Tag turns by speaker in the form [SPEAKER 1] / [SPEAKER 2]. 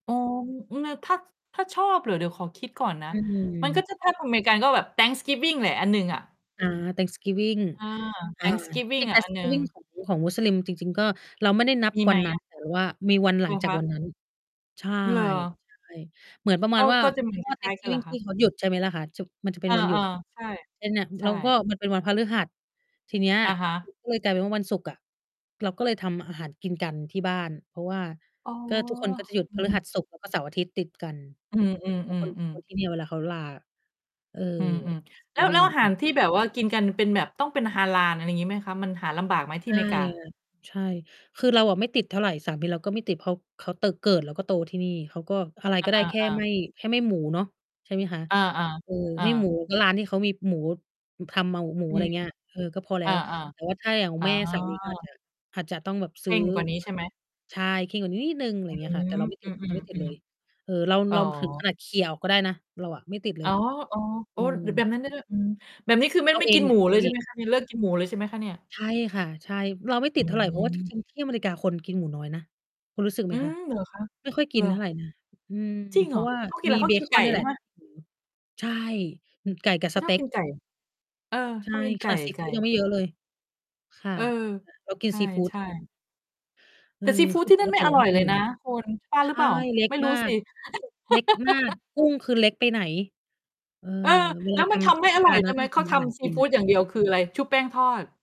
[SPEAKER 1] อ๋อ อือ น ถ้า ถ้าชอบเหรอ? เดี๋ยวขอคิดก่อนนะ
[SPEAKER 2] อื
[SPEAKER 1] มันก็
[SPEAKER 2] ม
[SPEAKER 1] จะ ถ้าทางอเมริกาก็แบบ Thanksgiving แหละ อันหนึ่งอะ
[SPEAKER 2] อา Thanksgiving
[SPEAKER 1] เออ
[SPEAKER 2] อ่า จร
[SPEAKER 1] Thanksgiving
[SPEAKER 2] ิง ๆ
[SPEAKER 1] อะ อันหนึ่ง
[SPEAKER 2] Thanksgiving ของ ของมุสลิมจริง ๆ ก็ เราไม่ได้นับ
[SPEAKER 1] มี
[SPEAKER 2] ว
[SPEAKER 1] ไ
[SPEAKER 2] ั
[SPEAKER 1] หม
[SPEAKER 2] นนั
[SPEAKER 1] อ
[SPEAKER 2] ้น
[SPEAKER 1] ะ?
[SPEAKER 2] แต่เรา ว่า มีวันห
[SPEAKER 1] เ
[SPEAKER 2] ล
[SPEAKER 1] หร
[SPEAKER 2] ัง
[SPEAKER 1] อ
[SPEAKER 2] จา
[SPEAKER 1] ค
[SPEAKER 2] กว
[SPEAKER 1] ะ?
[SPEAKER 2] ันนั้น ใช่
[SPEAKER 1] เหรอ?
[SPEAKER 2] ใช่ เหมือนประม
[SPEAKER 1] ก
[SPEAKER 2] าณ
[SPEAKER 1] ็
[SPEAKER 2] ว่า
[SPEAKER 1] ก็จะ เหมือน
[SPEAKER 2] ช่
[SPEAKER 1] ค
[SPEAKER 2] วง
[SPEAKER 1] ล้าย ๆ กันเหร
[SPEAKER 2] Thanksgiving
[SPEAKER 1] อค
[SPEAKER 2] ท
[SPEAKER 1] ะ?
[SPEAKER 2] ี่เขาหยุด ใช่ไหมล่ะคะ? ฉุก มันจะเป
[SPEAKER 1] เ
[SPEAKER 2] ็
[SPEAKER 1] อ
[SPEAKER 2] น
[SPEAKER 1] อ
[SPEAKER 2] วันหยุด
[SPEAKER 1] ๆ ใช่
[SPEAKER 2] เป็นน่ะ อือ
[SPEAKER 1] ใช
[SPEAKER 2] แล้วก็
[SPEAKER 1] ่
[SPEAKER 2] มันเป็นวันพฤหัส ทีเนี้ย
[SPEAKER 1] อะฮะ
[SPEAKER 2] มัน ก็เลยกลายเป็นว่า วันศุกร์อะ เราก็เลยทำอาหารกินกันที่บ้าน เพราะว่า
[SPEAKER 1] อ๋อ
[SPEAKER 2] ก็ ทุกคนก็จะหยุด
[SPEAKER 1] อื
[SPEAKER 2] พ
[SPEAKER 1] อฮ
[SPEAKER 2] ฤห
[SPEAKER 1] ึ
[SPEAKER 2] ัส ศุกร์ แล้ว ก็เสาร์อาทิตย์ติด กัน
[SPEAKER 1] อื
[SPEAKER 2] แล้วคน
[SPEAKER 1] อ
[SPEAKER 2] ค
[SPEAKER 1] ๆ
[SPEAKER 2] นท
[SPEAKER 1] ๆ ๆ
[SPEAKER 2] ี่เนี่ย เวลาเขาลาอะ เอ่อ
[SPEAKER 1] อืม
[SPEAKER 2] ส
[SPEAKER 1] ๆ แล้ว แล้
[SPEAKER 2] giving
[SPEAKER 1] วอาห
[SPEAKER 2] ค
[SPEAKER 1] า
[SPEAKER 2] ่
[SPEAKER 1] ร
[SPEAKER 2] ะ
[SPEAKER 1] ที่แบบว่ากินกัน เป็นแบบต้องเป็นฮาลาล อะไรงี้ไหมคะ? มันหาลำบากไหม ที
[SPEAKER 2] ใช
[SPEAKER 1] ่อ
[SPEAKER 2] ่
[SPEAKER 1] เมริก
[SPEAKER 2] ค
[SPEAKER 1] า?
[SPEAKER 2] ่ะ ใช่ คือเราอะไม่ติดเท่าไร สามีเราก็ไม่ติด เพราะเขาเตอะ เกิดแล้วก็โตที่นี่ เขาก็อะไร
[SPEAKER 1] อ
[SPEAKER 2] ก็ได้ แค่
[SPEAKER 1] า
[SPEAKER 2] ไ
[SPEAKER 1] ๆ ๆ
[SPEAKER 2] ม่ แค่ไม่หมูเนาะ ใช่ไหมคะ
[SPEAKER 1] อา
[SPEAKER 2] เออ
[SPEAKER 1] ๆ อ
[SPEAKER 2] ไม่หมู
[SPEAKER 1] า
[SPEAKER 2] ก็ร้านที่เขามีหมู อ ทำเมา หมู
[SPEAKER 1] อื
[SPEAKER 2] อะไร
[SPEAKER 1] ม
[SPEAKER 2] เงี้ย เออ ก็พอแล
[SPEAKER 1] อ
[SPEAKER 2] ้
[SPEAKER 1] า
[SPEAKER 2] ว แต่ว่า ถ้าอย่างข
[SPEAKER 1] ๆ
[SPEAKER 2] อ
[SPEAKER 1] อ๋
[SPEAKER 2] ง
[SPEAKER 1] อ
[SPEAKER 2] แม่สามี ก็อาจจะ อาจจะต้องแบบ
[SPEAKER 1] เค
[SPEAKER 2] ซื้
[SPEAKER 1] ร
[SPEAKER 2] อ
[SPEAKER 1] ่งกว่านี้
[SPEAKER 2] ว
[SPEAKER 1] ใช
[SPEAKER 2] ัต
[SPEAKER 1] ่ไห
[SPEAKER 2] ถ
[SPEAKER 1] ม?
[SPEAKER 2] ุดิบ ใช่ เคร่งกว่านี้นิดหนึ่ง อะไร
[SPEAKER 1] อื
[SPEAKER 2] เงี้ยค่ะ แต
[SPEAKER 1] ม
[SPEAKER 2] ่เราไม่
[SPEAKER 1] อ
[SPEAKER 2] ต
[SPEAKER 1] ื
[SPEAKER 2] ิด เราไม่ติดเล
[SPEAKER 1] อ
[SPEAKER 2] ย
[SPEAKER 1] ๆ
[SPEAKER 2] เออ เรา
[SPEAKER 1] ๆ อ๋
[SPEAKER 2] เ
[SPEAKER 1] อ
[SPEAKER 2] ราถึงขนาดเขี่ยออกก็ได้นะ เราอะไม่ติดเล
[SPEAKER 1] อ๋อ
[SPEAKER 2] ย
[SPEAKER 1] ๆ โ
[SPEAKER 2] อ
[SPEAKER 1] อ้
[SPEAKER 2] ื
[SPEAKER 1] ร
[SPEAKER 2] ม
[SPEAKER 1] ดึ แบบนั้นได้ด้วย อืม แบบนี้คือไม่
[SPEAKER 2] เร
[SPEAKER 1] ไ
[SPEAKER 2] า
[SPEAKER 1] ม่
[SPEAKER 2] เอ
[SPEAKER 1] กิ
[SPEAKER 2] ง
[SPEAKER 1] น
[SPEAKER 2] แห
[SPEAKER 1] ห
[SPEAKER 2] ล
[SPEAKER 1] มู
[SPEAKER 2] ะ เร
[SPEAKER 1] เล
[SPEAKER 2] า
[SPEAKER 1] ย ใ
[SPEAKER 2] เ
[SPEAKER 1] ช
[SPEAKER 2] อ
[SPEAKER 1] ่ไ
[SPEAKER 2] ง
[SPEAKER 1] หมคะ? นี่เลิกกินหมูเลย ใช่ไหมคะเนี่ย?
[SPEAKER 2] ใช่ค่ะ ใช่ เราไม่
[SPEAKER 1] อ
[SPEAKER 2] ติดเท่าไร เพราะว่า จ
[SPEAKER 1] ืม
[SPEAKER 2] ริง ๆ ที่อเมริกาคน กินหมูน้อยนะ คุณรู้สึกไห
[SPEAKER 1] อื
[SPEAKER 2] มคะ?
[SPEAKER 1] ม เหรอคะ?
[SPEAKER 2] ไม่ค่อยก
[SPEAKER 1] เ
[SPEAKER 2] ิ
[SPEAKER 1] หร
[SPEAKER 2] น
[SPEAKER 1] อ?
[SPEAKER 2] เท่าไรนะ อืม
[SPEAKER 1] จริง
[SPEAKER 2] เพ
[SPEAKER 1] เห
[SPEAKER 2] ร
[SPEAKER 1] ร
[SPEAKER 2] าะ
[SPEAKER 1] อ?
[SPEAKER 2] ว่า
[SPEAKER 1] คือเขา กิ
[SPEAKER 2] ม
[SPEAKER 1] นไร?
[SPEAKER 2] ี
[SPEAKER 1] เข
[SPEAKER 2] เ
[SPEAKER 1] า
[SPEAKER 2] บ
[SPEAKER 1] กิน
[SPEAKER 2] ค
[SPEAKER 1] ไ
[SPEAKER 2] อ
[SPEAKER 1] ก
[SPEAKER 2] น
[SPEAKER 1] ่
[SPEAKER 2] เนี่ย
[SPEAKER 1] ใ
[SPEAKER 2] แ
[SPEAKER 1] ช
[SPEAKER 2] หล
[SPEAKER 1] ่
[SPEAKER 2] ะ
[SPEAKER 1] ไหม?
[SPEAKER 2] หมู ใช่ อือ ไก่กับ
[SPEAKER 1] เข
[SPEAKER 2] ส
[SPEAKER 1] าช
[SPEAKER 2] เต
[SPEAKER 1] อบ
[SPEAKER 2] ๊ก
[SPEAKER 1] กินไก่ เออ
[SPEAKER 2] ใช
[SPEAKER 1] ช
[SPEAKER 2] ่
[SPEAKER 1] อบกิน
[SPEAKER 2] ข
[SPEAKER 1] ไก
[SPEAKER 2] น
[SPEAKER 1] ่
[SPEAKER 2] าดซี
[SPEAKER 1] ไก
[SPEAKER 2] ฟูดยัง
[SPEAKER 1] ่
[SPEAKER 2] ไม่เยอะเลย ค่ะ
[SPEAKER 1] เออ
[SPEAKER 2] อ่า เราก
[SPEAKER 1] ใ
[SPEAKER 2] ิ
[SPEAKER 1] ช
[SPEAKER 2] นซีฟูด แ
[SPEAKER 1] ่
[SPEAKER 2] ท
[SPEAKER 1] ๆ
[SPEAKER 2] น เ
[SPEAKER 1] แ
[SPEAKER 2] อ
[SPEAKER 1] ต
[SPEAKER 2] อ
[SPEAKER 1] ่ซีฟู
[SPEAKER 2] ค
[SPEAKER 1] ด
[SPEAKER 2] ื
[SPEAKER 1] ท
[SPEAKER 2] อ
[SPEAKER 1] ี่
[SPEAKER 2] ป
[SPEAKER 1] นั่
[SPEAKER 2] ก
[SPEAKER 1] นไม
[SPEAKER 2] ต
[SPEAKER 1] ่
[SPEAKER 2] ิ
[SPEAKER 1] อ
[SPEAKER 2] เรา
[SPEAKER 1] ร
[SPEAKER 2] ไ
[SPEAKER 1] ่
[SPEAKER 2] ม่
[SPEAKER 1] อย
[SPEAKER 2] ก
[SPEAKER 1] เ
[SPEAKER 2] ิ
[SPEAKER 1] ล
[SPEAKER 2] น เ
[SPEAKER 1] ยน
[SPEAKER 2] ล
[SPEAKER 1] ะ
[SPEAKER 2] ย
[SPEAKER 1] คุณ ว่า
[SPEAKER 2] ใช
[SPEAKER 1] หรือเ
[SPEAKER 2] ่
[SPEAKER 1] ปล่า?
[SPEAKER 2] เล็ก
[SPEAKER 1] ไม่ร
[SPEAKER 2] ม
[SPEAKER 1] ู
[SPEAKER 2] า
[SPEAKER 1] ้ส
[SPEAKER 2] ก
[SPEAKER 1] ิ
[SPEAKER 2] เล็กมาก กุ้งคือเล็กไปไหน เออ
[SPEAKER 1] เออ
[SPEAKER 2] เว
[SPEAKER 1] แ
[SPEAKER 2] ล
[SPEAKER 1] ล้
[SPEAKER 2] า
[SPEAKER 1] ว
[SPEAKER 2] ท
[SPEAKER 1] มันท
[SPEAKER 2] ำ เ
[SPEAKER 1] ำ
[SPEAKER 2] ท
[SPEAKER 1] ไม่
[SPEAKER 2] ศ
[SPEAKER 1] อ
[SPEAKER 2] ก
[SPEAKER 1] ร
[SPEAKER 2] า
[SPEAKER 1] ่อ
[SPEAKER 2] ล
[SPEAKER 1] ย ไ
[SPEAKER 2] น
[SPEAKER 1] ด้
[SPEAKER 2] ะ
[SPEAKER 1] ไห
[SPEAKER 2] ต
[SPEAKER 1] ม?
[SPEAKER 2] ้อง
[SPEAKER 1] เ
[SPEAKER 2] ท
[SPEAKER 1] ขา
[SPEAKER 2] ำอ
[SPEAKER 1] ท
[SPEAKER 2] าหาร
[SPEAKER 1] ำซ
[SPEAKER 2] ก
[SPEAKER 1] ี
[SPEAKER 2] ิน
[SPEAKER 1] ฟู
[SPEAKER 2] น่ะ
[SPEAKER 1] ดอย่างเดียวคืออะไร? ชุบแป้งทอด